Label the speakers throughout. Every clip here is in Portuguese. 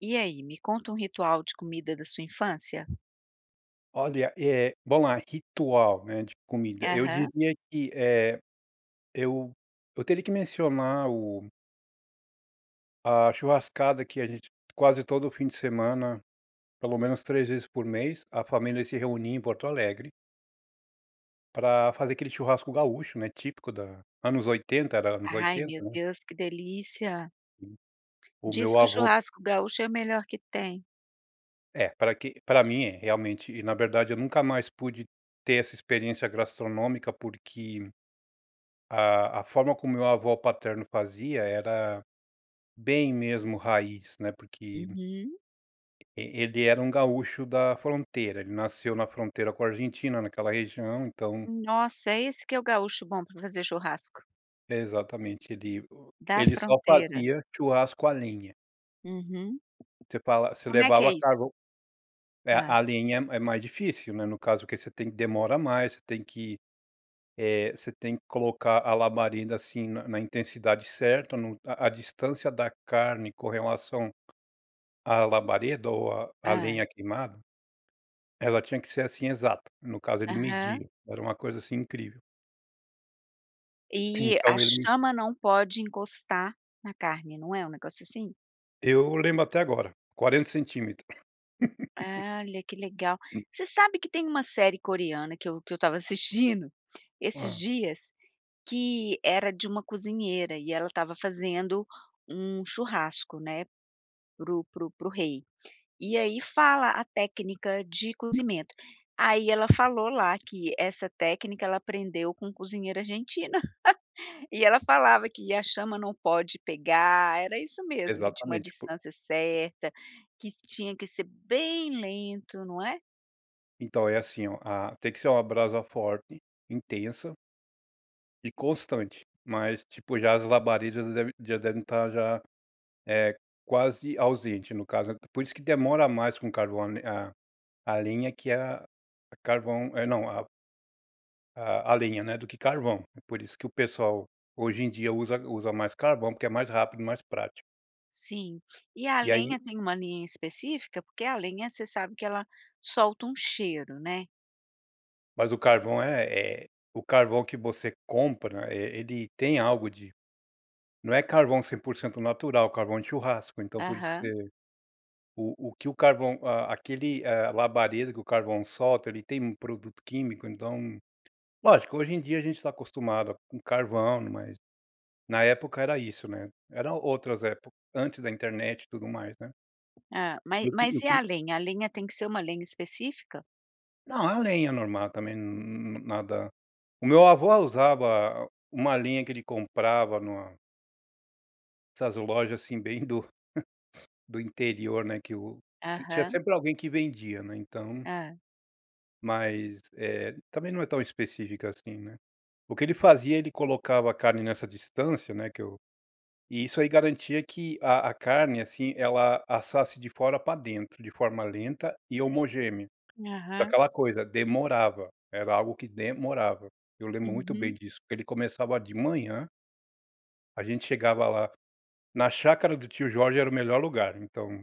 Speaker 1: E aí, me conta um ritual de comida da sua infância?
Speaker 2: Olha, eh, bom a ritual, né, de comida eu
Speaker 1: Aham.
Speaker 2: diria que, eh, eu eu teria que mencionar o a churrascada que a gente quase todo o fim de semana, pelo menos 3 vezes por mês, a família se reunia em Porto Alegre para fazer aquele churrasco gaúcho, né, típico da anos 80, era anos
Speaker 1: Ai
Speaker 2: 80,
Speaker 1: meu
Speaker 2: né.
Speaker 1: Deus, que delícia.
Speaker 2: Hum. O
Speaker 1: Diz
Speaker 2: meu
Speaker 1: que o
Speaker 2: avô
Speaker 1: churrasco gaúcho é o melhor que tem.
Speaker 2: É pra que pra mim é, realmente na verdade eu nunca mais pude ter essa experiência gastronômica, porque a a forma como meu avô paterno fazia era bem mesmo raiz, né, porque
Speaker 1: Uhum.
Speaker 2: e ele era um gaúcho da fronteira, ele nasceu na fronteira com a Argentina naquela região, então.
Speaker 1: Hum, nossa, é esse que é o gaúcho bom pra fazer churrasco.
Speaker 2: Exatamente ele o
Speaker 1: Da
Speaker 2: ele só
Speaker 1: fronteira.
Speaker 2: fazia o churrasco a lenha.
Speaker 1: Uhum,
Speaker 2: Você falav você
Speaker 1: Como é que é
Speaker 2: levava
Speaker 1: isso?
Speaker 2: carvão é
Speaker 1: Hã.
Speaker 2: a lenha é mais difícil, né. No caso que você tem que, demora mais, você tem que, eh, você tem que colocar a labareda, assim, na na intensidade certa, no a a distância da carne com relação a labareda ou a
Speaker 1: Hã.
Speaker 2: lenha queimada, ela tinha que ser assim exata. No caso ele
Speaker 1: Aham.
Speaker 2: media, era uma coisa assim incrível.
Speaker 1: E a
Speaker 2: Então, ele
Speaker 1: chama não pode encostar na carne, não é um negócio assim?
Speaker 2: Eu lembro até agora 40 centímetro.
Speaker 1: E olha, que legal.
Speaker 2: Hum
Speaker 1: Você sabe que tem uma série coreana que eu que eu estava assistindo esses
Speaker 2: Hã.
Speaker 1: dias, que era de uma cozinheira, e ela tava fazendo um churrasco, né, para o para o para o rei. E aí fala a técnica de cozimento. Aí ela falou lá que essa técnica ela aprendeu com cozinheiro argentino, e ela falava que a chama não pode pegar. Era isso mesmo. Que tinha uma
Speaker 2: Exatamente por
Speaker 1: distância certa, que tinha que ser bem lento, não é.
Speaker 2: Então, é assim, ó tem que ser uma brasa forte, intensa e constante, mas tipo já as labaredas já devem já devem estar já, eh, quase ausente no caso é por isso que demora mais com carvão, a a lenha é que é a carvão, é não a a a lenha, né, do que carvão é por isso que o pessoal hoje em dia usa usa mais carvão porque é mais rápido e mais prático.
Speaker 1: Sim, e a
Speaker 2: E aí
Speaker 1: lenha, tem uma lenha específica porque a lenha você sabe que ela solta um cheiro, né.
Speaker 2: Mas o carvão é é O carvão que você compra, eh, ele tem algo de Não é carvão 100% natural, carvão de churrasco. Então, por isso que
Speaker 1: Aham.
Speaker 2: você o o que o carvão a aquele, eh, labareda que o carvão solta, ele tem um produto químico. Então, lógico, hoje em dia a gente tá acostumado com carvão, mas, na época, era isso, né. Era outras épocas, antes da internet e tudo o mais, né.
Speaker 1: Hã, mas
Speaker 2: Eu pre
Speaker 1: mas
Speaker 2: eu
Speaker 1: e
Speaker 2: pre
Speaker 1: a lenha? A lenha tem que ser uma lenha específica?
Speaker 2: Não, é lenha normal também, hum hum nada O meu avô usava uma lenha que ele comprava em uma essas lojas assim bem do do interior, né, que o tinha
Speaker 1: Aham.
Speaker 2: sempre alguém que vendia, né, então
Speaker 1: Hã.
Speaker 2: Mas, eh, também não é tão específica assim, né. O que ele fazia ele colocava a carne nessa distância, né, que eu e isso aí garantia que a a carne, assim, ela assasse de fora pra dentro, de forma lenta e homogênea. Tá
Speaker 1: Aham.
Speaker 2: aquela coisa, demorava, era algo que demorava. Eu lembro muito bem
Speaker 1: Uhum.
Speaker 2: disso porque ele começava de manhã a gente chegava lá, na chácara do tio Jorge era o melhor lugar, então,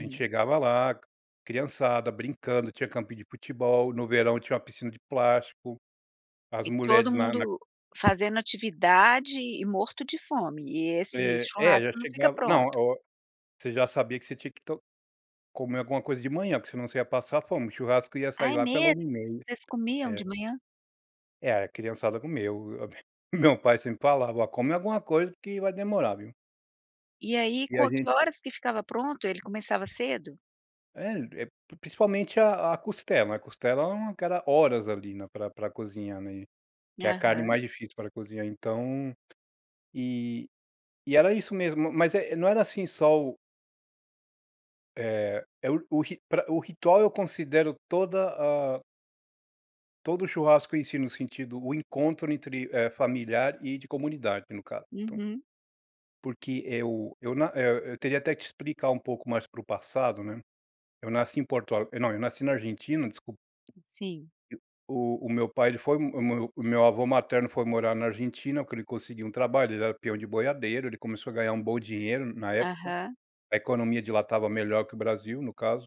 Speaker 2: a gente chegava lá, criançada, brincando, tinha campinho de futebol, no verão tinha uma piscina de plástico. As
Speaker 1: E todo
Speaker 2: mulheres na na
Speaker 1: mundo fazendo atividade e morto de fome e esse
Speaker 2: É, é
Speaker 1: churrasco
Speaker 2: já
Speaker 1: não fica
Speaker 2: chegava Não
Speaker 1: pronto?
Speaker 2: o você já sabia que você tinha que to comer alguma coisa de manhã, que senão você ia passar fome, o churrasco ia
Speaker 1: Ah,
Speaker 2: sair
Speaker 1: é
Speaker 2: lá pela
Speaker 1: mesmo?
Speaker 2: 13:30.
Speaker 1: Vocês comiam
Speaker 2: É.
Speaker 1: de manhã?
Speaker 2: É, a criançada comeu o b meu pai sempre falava: "Come alguma coisa, porque vai demorar, viu".
Speaker 1: E aí
Speaker 2: E a
Speaker 1: quanto que
Speaker 2: gente
Speaker 1: horas que ficava pronto, ele começava cedo?
Speaker 2: É, a e principalmente a a costela. A costela é uma que era horas, ali, né, pra pra cozinhar, né. Que é a carne
Speaker 1: Aham.
Speaker 2: mais difícil pra cozinhar, então. E e era isso mesmo, mas, eh, não era assim só o é, é o ri pra o ritual eu considero toda a todo o churrasco em si, no sentido o encontro, eh, entre familiar e de comunidade, no caso, então.
Speaker 1: Uhum.
Speaker 2: Porque eu eu na eu eu teria até que explicar pouco mais para o passado, né. Eu nasci em Porto Al não eu nasci na Argentina, desculpa
Speaker 1: Sim.
Speaker 2: O o meu pai ele foi o meu o meu avô materno foi morar na Argentina, que ele conseguiu um trabalho, ele era peão de boiadeiro, ele começou a ganhar um bom dinheiro na época.
Speaker 1: Aham.
Speaker 2: A economia de lá estava melhor que o Brasil, no caso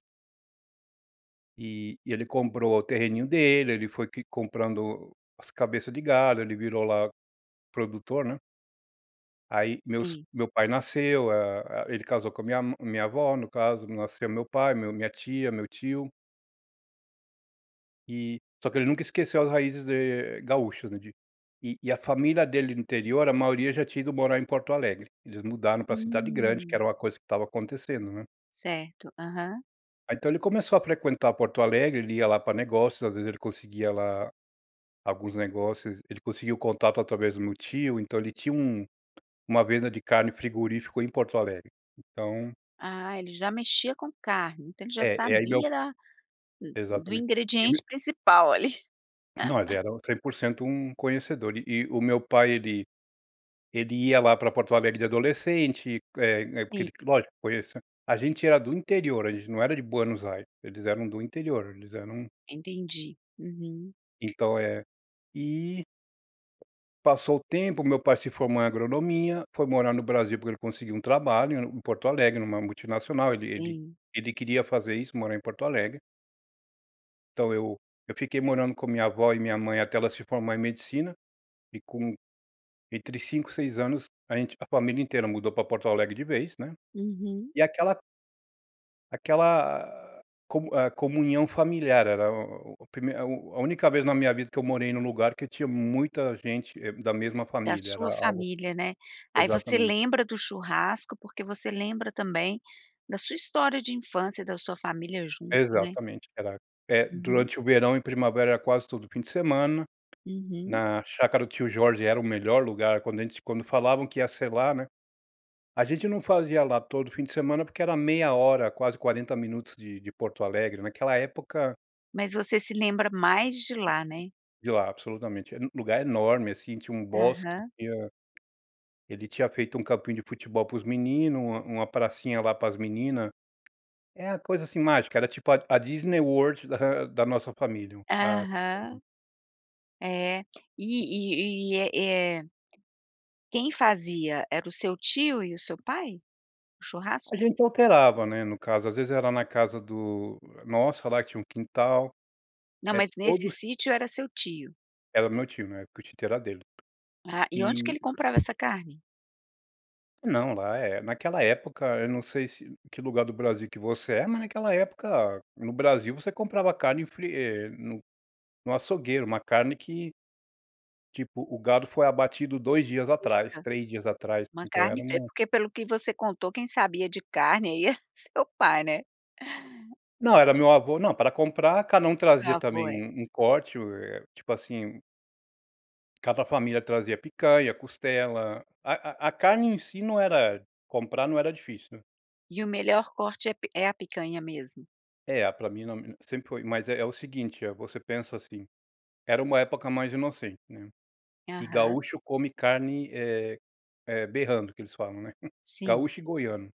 Speaker 2: E e ele comprou o terreninho dele, ele foi que comprando as cabeças de gado, ele virou, lá, produtor, né. Aí, meus
Speaker 1: Sim.
Speaker 2: meu pai nasceu, hã, a ele casou com a minha ma minha avó, no caso, nasceu meu pai, meu minha tia, meu tio. E só que ele nunca esqueceu as raízes, eh, gaúchas, né, de E e a família dele no interior a maioria já tinha ido morar em Porto Alegre. Eles mudaram pra cidade grande, que
Speaker 1: Hum.
Speaker 2: era uma coisa que estava acontecendo, né.
Speaker 1: Certo. Aham.
Speaker 2: Aí então ele começou a frequentar Porto Alegre, ele ia lá pra negócios às vezes, ele conseguia lá alguns negócios, ele conseguia o contato através do meu tio, então ele tinha um uma venda de carne, frigorífico em Porto Alegre. Então
Speaker 1: Ah, ele já mexia com carne, então ele já
Speaker 2: É é aí meu
Speaker 1: sabia da do
Speaker 2: Exatamente e meu
Speaker 1: ingrediente principal ali.
Speaker 2: Não, ele era 100% um conhecedor e o meu pai ele ele ia lá pra Porto Alegre de adolescente, eh, é porque
Speaker 1: Sim.
Speaker 2: ele lógico conheça A gente era do interior, a gente não era de Buenos Aires, eles eram do interior, eles eram
Speaker 1: Entendi. Uhum.
Speaker 2: Então é E passou o tempo, o meu pai se formou em agronomia, foi morar no Brasil porque ele conseguiu um trabalho em Porto Alegre em uma multinacional. Ele ele
Speaker 1: Sim.
Speaker 2: ele queria fazer isso, morar em Porto Alegre. Então eu eu fiquei morando com a minha avó e minha mãe até ela se formar em medicina. E com, entre 5, 6 anos a gente a família inteira mudou para Porto Alegre de vez, né.
Speaker 1: Uhum.
Speaker 2: E aquela Aquela a comu hã, comunhão familiar era o o a primeira a u a única vez na minha vida que eu morei em um lugar que tinha muita gente é da mesma
Speaker 1: Da
Speaker 2: família, era
Speaker 1: sua
Speaker 2: algo
Speaker 1: família, né. Aí você
Speaker 2: exatamente.
Speaker 1: lembra do churrasco porque você lembra também da sua história de infância e da sua família junto, né.
Speaker 2: Exatamente, era é
Speaker 1: Uhum.
Speaker 2: durante o verão e primavera quase todo o fim de semana,
Speaker 1: Uhum.
Speaker 2: na chácara do tio Jorge era o melhor lugar quando a gente s quando falavam que ia ser lá, né. A gente não fazia lá todo o fim de semana porque era meia hora quase 40 minutos de de Porto Alegre, naquela época
Speaker 1: Mas você se lembra mais de lá, né?
Speaker 2: De lá, absolutamente. Era um lugar enorme, assim, tinha um bosque,
Speaker 1: Aham.
Speaker 2: tinha ele tinha feito um campinho de futebol para os menino, uma uma pracinha lá para as menina. É a coisa assim mágica, era tipo a a Disney World da da nossa família a [unintelligible]
Speaker 1: Aham. É. E e e é é Quem fazia era o seu tio e o seu pai? O
Speaker 2: A
Speaker 1: churrasco?
Speaker 2: gente alterava, né, no caso, às vezes era na casa do nossa lá que tinha um quintal.
Speaker 1: Não,
Speaker 2: É
Speaker 1: mas nesse
Speaker 2: todos
Speaker 1: sítio era seu tio?
Speaker 2: Era o meu tio, né, na época o título era dele.
Speaker 1: Ah, e onde que
Speaker 2: E
Speaker 1: ele comprava essa carne?
Speaker 2: Não, lá, eh, naquela época, eu não sei se que lugar do Brasil que você é, mas naquela época no Brasil você comprava carne fri eh, no no açougueiro, uma carne que tipo, o gado foi abatido 2 dias atrás,
Speaker 1: Fresca,
Speaker 2: 3 dias atrás.
Speaker 1: uma
Speaker 2: Então era
Speaker 1: carne fre
Speaker 2: uma
Speaker 1: porque pelo que você contou quem sabia de carne aí é seu pai, né?
Speaker 2: Não, era meu avô. Não, pra comprar cada um
Speaker 1: Seu
Speaker 2: trazia
Speaker 1: avô,
Speaker 2: também
Speaker 1: é.
Speaker 2: um um corte, eh, tipo assim um Cada família trazia picanha, costela a a a carne em si não era comprar não era difícil, né.
Speaker 1: E o melhor corte é é a picanha mesmo?
Speaker 2: É, pra mim [unintelligible] sempre foi. Mas é é o seguinte, eh, você pensa, assim, era uma época mais inocente, né. E
Speaker 1: Aham.
Speaker 2: gaúcho come carne, eh eh, berrando que eles falam, né,
Speaker 1: Sim.
Speaker 2: gaúcho e goiano.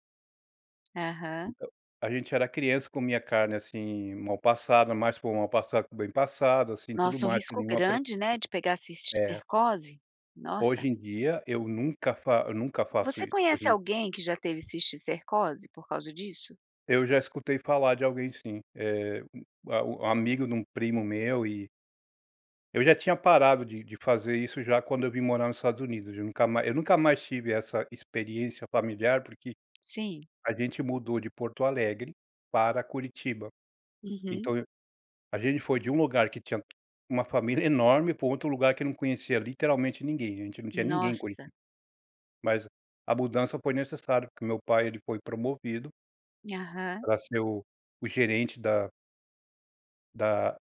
Speaker 1: Aham.
Speaker 2: Então, a gente era criança, comia carne assim mal passada, mais para o mal passado do que bem passado, assim, tudo
Speaker 1: Nossa, um
Speaker 2: mais, sem
Speaker 1: risco
Speaker 2: nenhuma preo
Speaker 1: grande, né, de pegar
Speaker 2: É.
Speaker 1: cisticercose, nossa.
Speaker 2: Hoje em dia eu nunca fa nunca faço
Speaker 1: Você
Speaker 2: isso hoje
Speaker 1: conhece
Speaker 2: em d
Speaker 1: alguém que já teve cisticercose por causa disso?
Speaker 2: Eu já escutei falar de alguém sim. Eh, a o o amigo de um primo meu e eu já tinha parado de de fazer isso já quando eu vim morar nos Estados Unidos, de nunca ma eu nunca mais tive essa experiência familiar, porque,
Speaker 1: Sim.
Speaker 2: a gente mudou de Porto Alegre para Curitiba.
Speaker 1: Uhum.
Speaker 2: Então, eu a gente foi de um lugar que tinha uma família enorme pra um outro lugar que não conhecia literalmente ninguém. A gente não tinha ninguém em Curi
Speaker 1: Nossa.
Speaker 2: Mas, a mudança foi necessário porque meu pai ele foi promovido
Speaker 1: Aham.
Speaker 2: pra ser o o gerente da da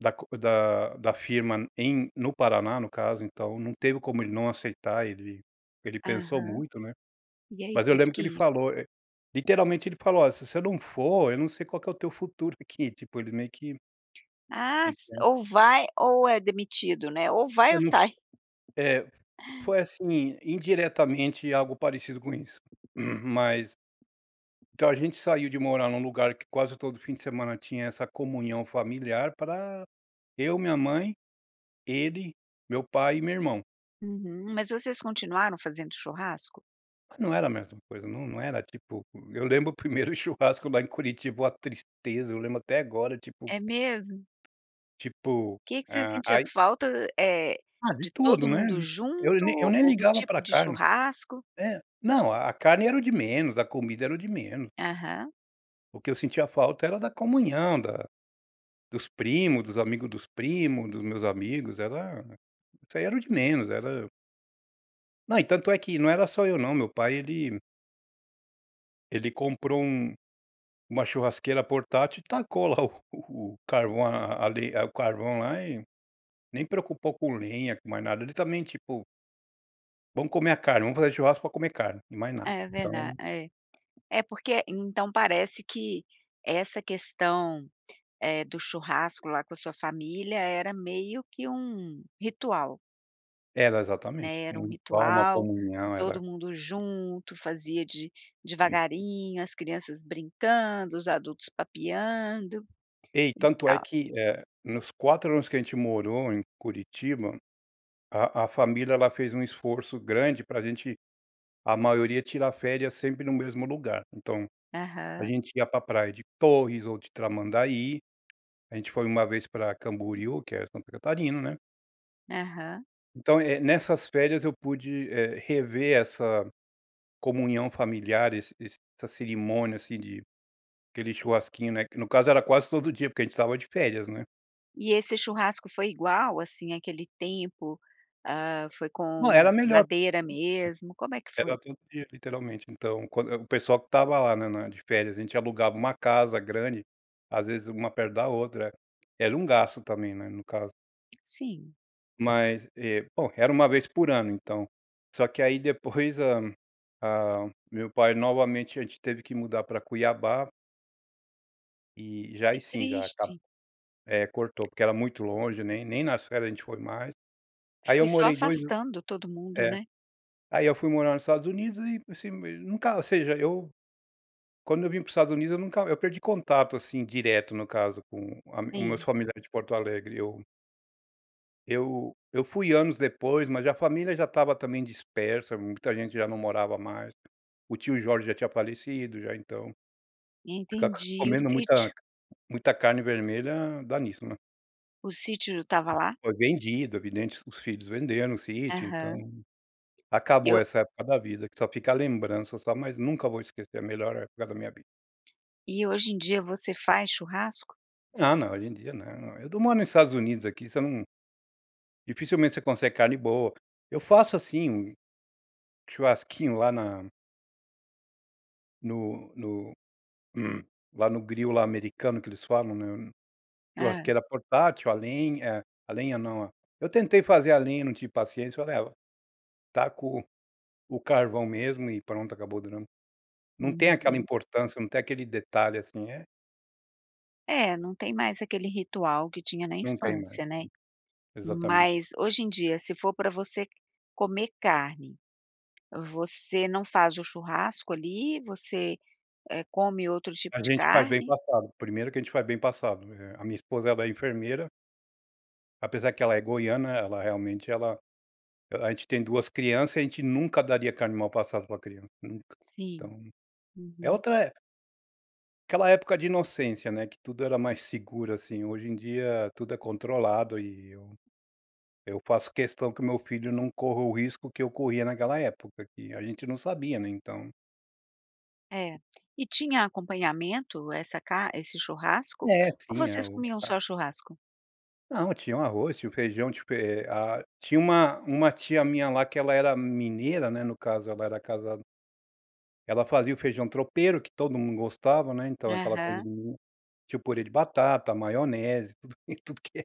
Speaker 2: da co da da firma em no Paraná, no caso, então não teve como ele não aceitar ele ele pensou
Speaker 1: Aham,
Speaker 2: muito, né.
Speaker 1: e aí
Speaker 2: Mas eu
Speaker 1: teve
Speaker 2: lembro que
Speaker 1: que
Speaker 2: ele
Speaker 1: ir.
Speaker 2: falou, e literalmente ele falou: "Olha, se você não for, eu não sei qual que é o teu futuro aqui.", tipo ele meio que
Speaker 1: Ah s
Speaker 2: Então.
Speaker 1: ou vai ou é demitido, né? Ou vai
Speaker 2: Eu
Speaker 1: ou
Speaker 2: não fa
Speaker 1: sai.
Speaker 2: é. Foi assim, indiretamente algo parecido com isso. Mas então a gente saiu de morar em um lugar que quase todo o fim de semana tinha essa comunhão familiar pra eu minha mãe, ele, meu pai e meu irmão.
Speaker 1: Uhum. Mas vocês continuaram fazendo churrasco?
Speaker 2: Mas não era a mesma coisa, não. Não era tipo Eu lembro o 1º churrasco lá em Curitiba, uma tristeza. Eu lembro até agora, tipo.
Speaker 1: É mesmo?
Speaker 2: Tipo
Speaker 1: Que que se você
Speaker 2: ah,
Speaker 1: sentia
Speaker 2: ai
Speaker 1: falta, eh,
Speaker 2: Ah, de
Speaker 1: de
Speaker 2: tudo,
Speaker 1: todo
Speaker 2: né.
Speaker 1: mundo
Speaker 2: Eu nem eu
Speaker 1: junto
Speaker 2: nem
Speaker 1: ou do
Speaker 2: ligava
Speaker 1: tipo
Speaker 2: pra
Speaker 1: de
Speaker 2: carne.
Speaker 1: churrasco?
Speaker 2: Eh. Não, a carne era o de menos, a comida era o de menos.
Speaker 1: Aham.
Speaker 2: O que eu sentia falta era da comunhão da dos primos, dos amigo dos primo, dos meus amigos, era isso aí era o de menos, era Não e tanto é que não era só eu não, meu pai ele ele comprou um uma churrasqueira portátil e tacou lá o o o carvão a a le o carvão lá e nem preocupou com lenha, com mais nada. Ele também, tipo "vamos comer a carne, vamos fazer churrasco pra comer carne." e mais nada,
Speaker 1: É verdade
Speaker 2: então.
Speaker 1: é é porque, então, parece que essa questão, eh, do churrasco lá com a sua família era meio que um ritual.
Speaker 2: Era
Speaker 1: Né.
Speaker 2: exatamente.
Speaker 1: Era
Speaker 2: Um ritual. Uma
Speaker 1: ritual e
Speaker 2: comunhão, era
Speaker 1: todo mundo junto fazia de devagarinho, as crianças brincando, os adultos papeando
Speaker 2: E
Speaker 1: e
Speaker 2: tanto é
Speaker 1: tal.
Speaker 2: que, eh, nos 4 anos que a gente morou em Curitiba, a a família, ela fez um esforço grande pra gente, a maioria tira férias sempre no mesmo lugar. Então, a
Speaker 1: Aham.
Speaker 2: gente ia para praia de Torres ou de Tramandaí. A gente foi uma vez pra Camboriú, que é Santa Catarina, né.
Speaker 1: Aham.
Speaker 2: Então, eh, nessas férias eu pude, eh, rever essa comunhão familiar, esse esse essa cerimônia, assim, de querer churrasquinho, né, que, no caso, era quase todo dia, porque a gente estava de férias, né?
Speaker 1: E esse churrasco foi igual, assim, àquele tempo, hã, foi
Speaker 2: Não,
Speaker 1: com
Speaker 2: era melhor. [unintelligible]
Speaker 1: madeira mesmo, como é que
Speaker 2: Era
Speaker 1: foi?
Speaker 2: todo dia, literalmente, então, quando, eh o pessoal que estava lá na na de férias, a gente alugava uma casa grande, às vezes, uma perto da outra. Era um gasto também, né, no caso.
Speaker 1: Sim.
Speaker 2: Mas eh, pô, era 1 vez por ano, então, só que aí depois a a meu pai, novamente a gente teve que mudar para Cuiabá e, já aí
Speaker 1: Que
Speaker 2: sim, já [unintelligible]
Speaker 1: triste.
Speaker 2: eh, cortou, porque era muito longe, né, e nem nas férias a gente foi mais. Aí eu
Speaker 1: Foi só
Speaker 2: morei 2 an
Speaker 1: afastando todo mundo,
Speaker 2: é.
Speaker 1: né?
Speaker 2: Aí eu fui morar nos Estados Unidos e, assim, mei nunca, ou seja eu, quando eu vim para os Estados Unidos eu nunca eu perdi contato, assim, direto, no caso, com a os meus
Speaker 1: Sim.
Speaker 2: familiares de Porto Alegre, eu eu eu fui anos depois, mas a família já estava também dispersa, muita gente já não morava mais. O tio Jorge já tinha falecido, já, então. Fica
Speaker 1: Entendi, e o
Speaker 2: comendo muita
Speaker 1: sítio?
Speaker 2: muita carne vermelha dá nisso, né?
Speaker 1: O sítio estava lá?
Speaker 2: Foi vendido, evidente, os filhos venderam o sítio então,
Speaker 1: Aham. E
Speaker 2: acabou
Speaker 1: o
Speaker 2: essa época da vida, que só fica a lembrança, só, mas nunca vou esquecer a melhor época da minha vi
Speaker 1: E hoje em dia você faz churrasco?
Speaker 2: Ah, não hoje em dia não, eu do moro nos Estados Unidos, aqui você não dificilmente, você consegue carne boa. Eu faço, assim, um churrasquinho lá na No no lá no grill lá americano que eles falam, né,
Speaker 1: Hã?
Speaker 2: churrasqueira portátil a lenha, eh, a lenha não, a eu tentei fazer a lenha, não tive paciência falei: "Ah, vai taco o o carvão mesmo e pronto acabou durando". Não tem aquela
Speaker 1: Uhum.
Speaker 2: importância, não tem aquele detalhe assim, é.
Speaker 1: É, não tem mais aquele ritual que tinha na
Speaker 2: Não tem mais,
Speaker 1: infância, né.
Speaker 2: exatamente.
Speaker 1: Mas, hoje em dia, se for pra você comer carne, você não faz o churrasco ali, você, hã, come outro
Speaker 2: A
Speaker 1: tipo de
Speaker 2: gente faz bem
Speaker 1: carne?
Speaker 2: passado, primeiro que a gente faz bem passado, eh, a minha esposa ela é enfermeira apesar que ela é goiana ela realmente ela ela a gente tem 2 crianças e a gente nunca daria carne mal passado pra criança, nunca.
Speaker 1: Sim.
Speaker 2: Então, é
Speaker 1: Uhum.
Speaker 2: outra época. Aquela época de inocência, né, que tudo era mais seguro, assim. Hoje em dia, tudo é controlado e eu, eu faço questão que o meu filho não corra o risco que eu corria naquela época que a gente não sabia, né, então.
Speaker 1: É, e tinha acompanhamento essa car esse churrasco
Speaker 2: É
Speaker 1: ou
Speaker 2: sim a
Speaker 1: vocês
Speaker 2: o
Speaker 1: comiam
Speaker 2: a
Speaker 1: só churrasco?
Speaker 2: Não, tinha o arroz, tinha o feijão tipo, é a tinha uma uma tia minha lá que ela era mineira, né, no caso ela era casada ela fazia o feijão tropeiro que todo mundo gostava, né, então aquela coisa
Speaker 1: Aham.
Speaker 2: de Minas, tinha o purê de batata, maionese, tudo que tudo que é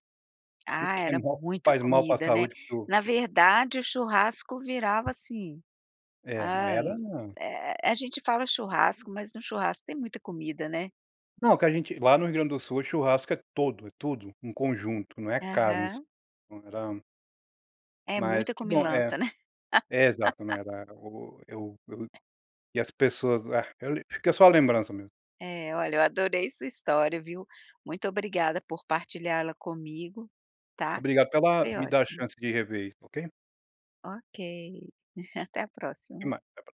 Speaker 2: tudo
Speaker 1: Ah,
Speaker 2: que é
Speaker 1: era
Speaker 2: mal
Speaker 1: muito
Speaker 2: faz mal para
Speaker 1: comida, né,
Speaker 2: saúde para o
Speaker 1: na verdade, o churrasco virava assim,
Speaker 2: É, não
Speaker 1: hã,
Speaker 2: era não.
Speaker 1: eh eh a gente fala churrasco, mas no churrasco tem muita comida, né.
Speaker 2: Não, que a gente, lá no Rio Grande do Sul, o churrasco é todo, é tudo, um conjunto, não é carne, isso
Speaker 1: Aham.
Speaker 2: não era
Speaker 1: É
Speaker 2: Mas,
Speaker 1: muita
Speaker 2: que bom é
Speaker 1: comilança, né.
Speaker 2: é exato, não era o Eu eu e as pessoas ah, fica só a lembrança mesmo.
Speaker 1: É, olha, eu adorei sua história, viu. Muito obrigada por partilhar ela comigo, tá,
Speaker 2: Obrigado pela
Speaker 1: foi
Speaker 2: me dar a
Speaker 1: ótimo.
Speaker 2: chance de rever isso, ok.
Speaker 1: Ok, até a
Speaker 2: Até
Speaker 1: próxima.
Speaker 2: mais, abraço.